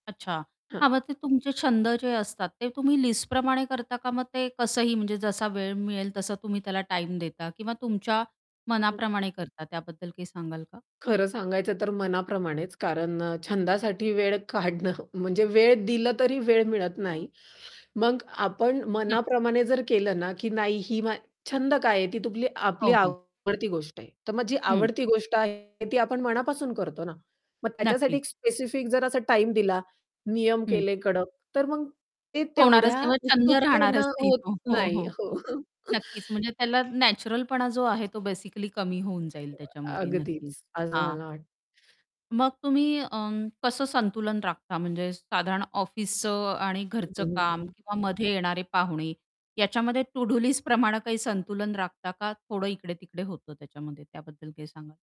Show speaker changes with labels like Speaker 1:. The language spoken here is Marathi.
Speaker 1: अच्छा.
Speaker 2: हां.
Speaker 1: हां, मग ते तुमचे छंद जे असतात ते तुम्ही लिस्टप्रमाणे करता, का मग ते कसंही म्हणजे जसा वेळ मिळेल तसा तुम्ही त्याला टाईम देता किंवा तुमच्या
Speaker 2: हं.
Speaker 1: मनाप्रमाणे करता? त्याबद्दल काही सांगाल का?
Speaker 2: खरं सांगायचं तर मनाप्रमाणेच. कारण अ, छंदासाठी वेळ काढणं म्हणजे वेळ दिलं, तरी वेळ मिळत नाही. मग आपण
Speaker 1: न
Speaker 2: मनाप्रमाणे जर केलं ना, की नाही ही मा छंद काय आहे? ती तूम आपली
Speaker 1: हो, हो.
Speaker 2: आवडती गोष्ट आहे. तर मग जी
Speaker 1: हं.
Speaker 2: आवडती गोष्ट आहे, ती आपण मनापासून करतो ना, मग त्याच्यासाठी
Speaker 1: नक्कीच.
Speaker 2: एक स्पेसिफिक जर असा टाईम दिला, नियम
Speaker 1: हं.
Speaker 2: केले कडक. तर मग ते
Speaker 1: होणारच
Speaker 2: तेवढ्या
Speaker 1: नाही. मग छंद
Speaker 2: उत्सुकतेने
Speaker 1: राहणारच नाही
Speaker 2: होत
Speaker 1: तो. हो,
Speaker 2: नाही.
Speaker 1: हो.
Speaker 2: हो.
Speaker 1: नक्कीच म्हणजे त्याला नॅचरलपणा जो आहे तो बेसिकली कमी होऊन जाईल
Speaker 2: [unintelligible]
Speaker 1: त्याच्यामध्ये
Speaker 2: अगदीच.
Speaker 1: नक्कीच.
Speaker 2: असं
Speaker 1: हां.
Speaker 2: मला वाट
Speaker 1: मग तुम्ही अं, कसं संतुलन राखता म्हणजे साधारण ऑफिसचं आणि घरचं
Speaker 2: हं, हं,
Speaker 1: काम
Speaker 2: हं.
Speaker 1: किंवा मध्ये येणारे पाहुणे याच्यामध्ये टू-डू लिस्ट प्रमाणे काही संतुलन राखता का? थोडं इकडे-तिकडे होतं त्याच्यामध्ये? त्याबद्दल काय सांगाल?